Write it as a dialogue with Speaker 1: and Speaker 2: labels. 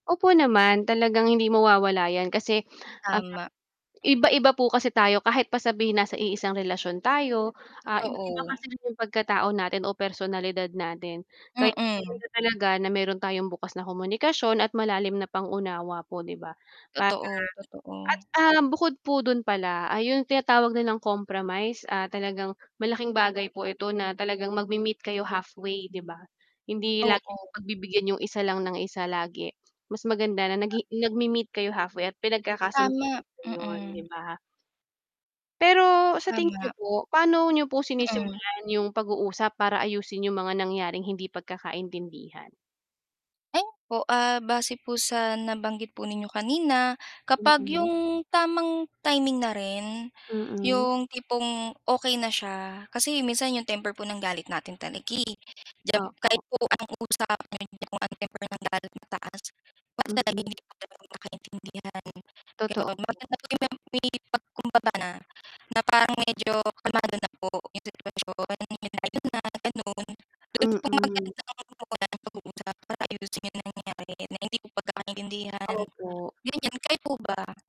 Speaker 1: Opo naman, talagang hindi mawawala yan kasi, ah,
Speaker 2: Tama.
Speaker 1: Iba-iba po kasi tayo kahit pa sabihin na iisang relasyon tayo, ah, iba-iba
Speaker 2: Totoo.
Speaker 1: kasi yung pagkatao natin o personalidad natin. Kay
Speaker 2: Mm.
Speaker 1: maganda talaga na meron tayong bukas na komunikasyon at malalim na pang-unawa po' di ba? Para
Speaker 2: Totoo,
Speaker 1: at,
Speaker 2: totoo.
Speaker 1: ah, bukod po dun pala ay yung tinatawag nilang compromise, ah, talagang malaking bagay po ito na talagang magmemeet kayo halfway 'di ba? Hindi lagi
Speaker 2: Oo.
Speaker 1: pagbibigyan yung isa lang ng isa lagi, mas maganda na nag nagme-meet kayo halfway at pinagkakasun ko
Speaker 2: Tama,
Speaker 1: yun 'di
Speaker 2: mm.
Speaker 1: ba? Pero sa tingin niyo
Speaker 2: Tama.
Speaker 1: po, paano niyo po
Speaker 2: Mm.
Speaker 1: sinisimulan yung pag-uusap para ayusin yung mga nangyaring hindi pagkakaintindihan?
Speaker 2: [unintelligible] Opo, ah, base po sa nabanggit po ninyo kanina, kapag
Speaker 1: Mm.
Speaker 2: yung tamang timing na rin,
Speaker 1: Mm.
Speaker 2: yung tipong okey na siya kasi minsan yung temper po ng galit natin talaga, eh. Diyan
Speaker 1: Opo.
Speaker 2: kahit po ang usapan niyo kung ang temper ng galit mataas
Speaker 1: Mm. Totoo po.
Speaker 2: may pagkumbaba na na parang medyo kalmado na po yung sitwasyon.
Speaker 1: Mm.
Speaker 2: Like para ayusin yung nangyari na hindi ko pagkakaintindihan,
Speaker 1: Opo.
Speaker 2: ganyan, kayo po ba?